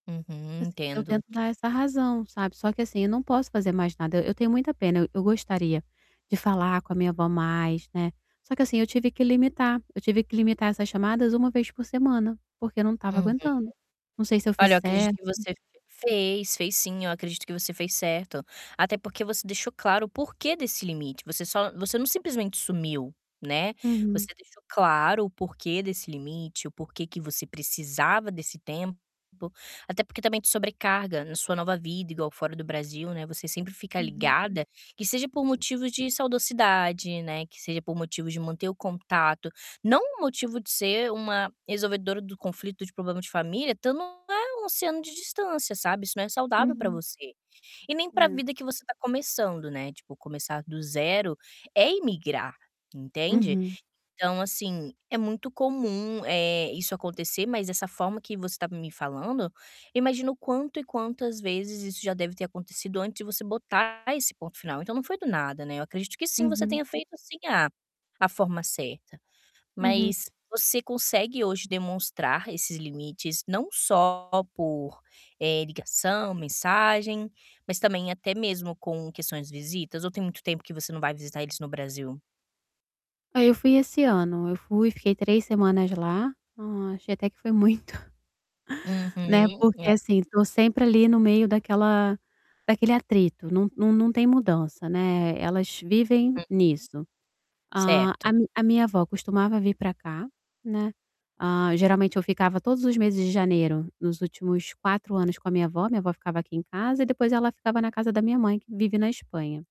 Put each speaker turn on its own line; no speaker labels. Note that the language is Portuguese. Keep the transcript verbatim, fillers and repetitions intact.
Uhum.
Assi eu
Entendo.
tento dar essa razão, sabe. Só que assim, eu não posso fazer mais nada, eu tenho muita pena, eu eu gostaria de falar com a minha avó mais, né. Só que assim, eu tive que limitar, eu tive que limitar essas chamadas uma vez por semana, porque eu não estava
Uhum.
aguentando. Não sei se eu fiz
Olha, eu acredito
certo
que você fez, fez sim eu acredito que você fez certo, até porque você deixou claro o porquê desse limite você só você não simplesmente sumiu, né,
Uhum.
você deixou claro o porquê desse limite, o porquê que você precisava desse tempo, até porque também de sobrecarga na sua nova vida igual fora do Brasil, né, você sempre fica
Uhum.
ligada, que seja por motivos de saudocidade, né, que seja por motivos de manter o contato, não um motivo de ser uma resolvedora do conflito de problema de família, estando a um oceano de distância, sabe, isso não é saudável pra
Uhum.
você. E nem para
É.
vida que você tá começando, né, tipo começar do zero é imigrar, entende.
Uhum.
Então, assim, é muito comum, eh, isso acontecer, mas dessa forma que você tá me falando, imagino o quanto e quantas vezes isso já deve ter acontecido antes de você botar esse ponto final, então, não foi do nada, né. Eu acredito que sim você
Uhum.
tenha feito assim a a forma certa.
Uhum.
Mas você consegue hoje demonstrar esses limites não só por, eh, ligação, eh, mensagem, mas também até mesmo com questões de visitas ou tem muito tempo que você não vai visitar eles no Brasil?
Aí eu fui esse ano, eu fui e fiquei três semanas lá, ah, achei até que foi muito né,
Uhum,
porque
é.
assim estou sempre ali no meio daquela daquele atrito, não não não tem mudança, né, elas vivem
Hum.
nisso. A a
Certo.
mi a minha avó costumava vir pra cá, né, hã, geralmente eu ficava todos os meses de janeiro nos últimos quatro anos com a minha avó, minha avó ficava aqui em casa e depois ela ficava na casa da minha mãe que vive na Espanha.